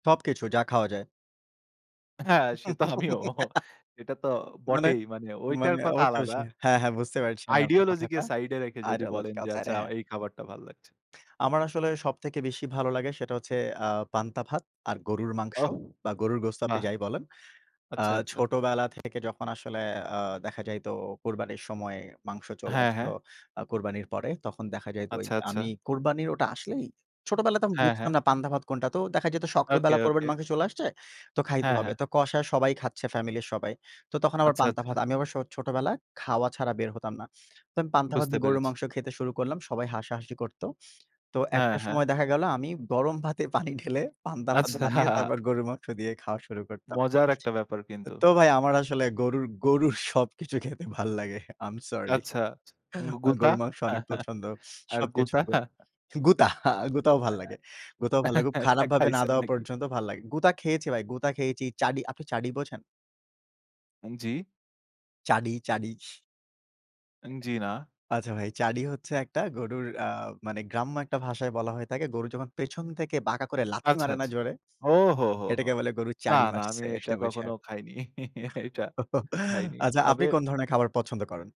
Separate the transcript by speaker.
Speaker 1: সবকিছু যা খাওয়া যায়।
Speaker 2: হ্যাঁ, সে তো আমিও। এটা তো
Speaker 1: মানে,
Speaker 2: বটেই মানে ঐটার
Speaker 1: মানে,
Speaker 2: কথা আলাদা।
Speaker 1: অবশ্যই। হ্যাঁ, হ্যাঁ, বুঝতে পারছি আমি আপনার
Speaker 2: ideology কে
Speaker 1: কথাটা।
Speaker 2: সাইড এ রেখে যদি বলেন
Speaker 1: ideological
Speaker 2: যে
Speaker 1: সাইড
Speaker 2: আচ্ছা
Speaker 1: অ্যা হ্যাঁ।
Speaker 2: এই খাবারটা ভাল লাগছে।
Speaker 1: আমার আসলে সবথেকে বেশি ভালো লাগে সেটা হচ্ছে আ পান্তা ভাত আর গরুর মাংস
Speaker 2: ওহ,
Speaker 1: বা গরুর গোস্ত আপনি
Speaker 2: বাহ!
Speaker 1: যাই বলেন। আ
Speaker 2: আচ্ছা, আচ্ছা।
Speaker 1: ছোটবেলা থেকে যখন আসলে আ দেখা যাইত কুরবানির সময় মাংস চলে
Speaker 2: হ্যাঁ,
Speaker 1: আসতো।
Speaker 2: হ্যাঁ।
Speaker 1: আ কুরবানির পরে তখন দেখা যায় তো ওই
Speaker 2: আচ্ছা, আচ্ছা।
Speaker 1: আমি কুরবানির ওটা আসলেই, ছোটবেলায় তো আমি
Speaker 2: হ্যাঁ,
Speaker 1: বুঝতাম
Speaker 2: হ্যাঁ।
Speaker 1: না পান্ধা ভাত কোনটা তো দেখা যেত
Speaker 2: ওকে,
Speaker 1: সকালবেলা
Speaker 2: ওকে।
Speaker 1: কোরবানির মাংস চলে আসছে। তো খাইতে
Speaker 2: হ্যাঁ,
Speaker 1: হবে।
Speaker 2: হ্যাঁ।
Speaker 1: তো কষা সবাই খাচ্ছে ফ্যামিলির সবাই। তো তখন আবার
Speaker 2: আচ্ছা,
Speaker 1: পান্তা
Speaker 2: আচ্ছা।
Speaker 1: ভাত। আমি আবার সো ছোটবেলায় খাওয়া ছাড়া বের হতাম না। তো আমি পান্তা ভাত
Speaker 2: বুঝতে
Speaker 1: দিয়ে গরুর
Speaker 2: পেরেছি।
Speaker 1: মাংস খেতে শুরু করলাম। সবাই হাসাহাসি করত। তো
Speaker 2: হ্যাঁ,
Speaker 1: একটা
Speaker 2: হ্যাঁ।
Speaker 1: সময় দেখা গেল আমি গরম ভাতে পানি ঢেলে পান্তা ভাত বানিয়ে
Speaker 2: আচ্ছা।
Speaker 1: তারপর গরুর মাংস দিয়ে খাওয়া শুরু করতাম।
Speaker 2: মজার একটা ব্যাপার কিন্তু।
Speaker 1: তো ভাই আমার আসলে গরুর, গরুর, সবকিছু খেতে ভাল লাগে। I am sorry.
Speaker 2: আচ্ছা, গুউ গুতা?
Speaker 1: গরুর মাংস অনেক পছন্দ।
Speaker 2: আর
Speaker 1: সবকিছু
Speaker 2: গুতা?
Speaker 1: গো গুতা, গুতাও ভাল্লাগে। গুতাও ভাল লাগুক।
Speaker 2: আ খা
Speaker 1: খারাপভাবে না
Speaker 2: খাইছেন
Speaker 1: দেওয়া
Speaker 2: নাকি?
Speaker 1: পর্যন্ত ভাল লাগে। গুঁতা খেয়েছি ভাই, গুতা খেয়েছি। চাড়ি আপনি চাড়ি বোঝেন?
Speaker 2: আন জি।
Speaker 1: চাড়ি, চাড়ি।
Speaker 2: আন জি না।
Speaker 1: আচ্ছা ভাই চাড়ি হচ্ছে একটা গরুর আ মানে গ্রাম্য একটা ভাষায় বলা হয়ে থাকে। গরু যখন পেছন থেকে বাঁকা করে লাথি
Speaker 2: আচ্ছা,
Speaker 1: মারে না
Speaker 2: আচ্ছা।
Speaker 1: জোরে?
Speaker 2: ও হো, হো, হো।
Speaker 1: এটাকে বলে গরুর
Speaker 2: না,
Speaker 1: চাড়ি
Speaker 2: না, আমি
Speaker 1: মারছে
Speaker 2: এটা
Speaker 1: এটা
Speaker 2: কখনো
Speaker 1: বুঝায়।
Speaker 2: খাইনি। এটা খাইনি।
Speaker 1: আচ্ছা আপনি
Speaker 2: তবে
Speaker 1: কোন ধরনের খাবার পছন্দ করেন?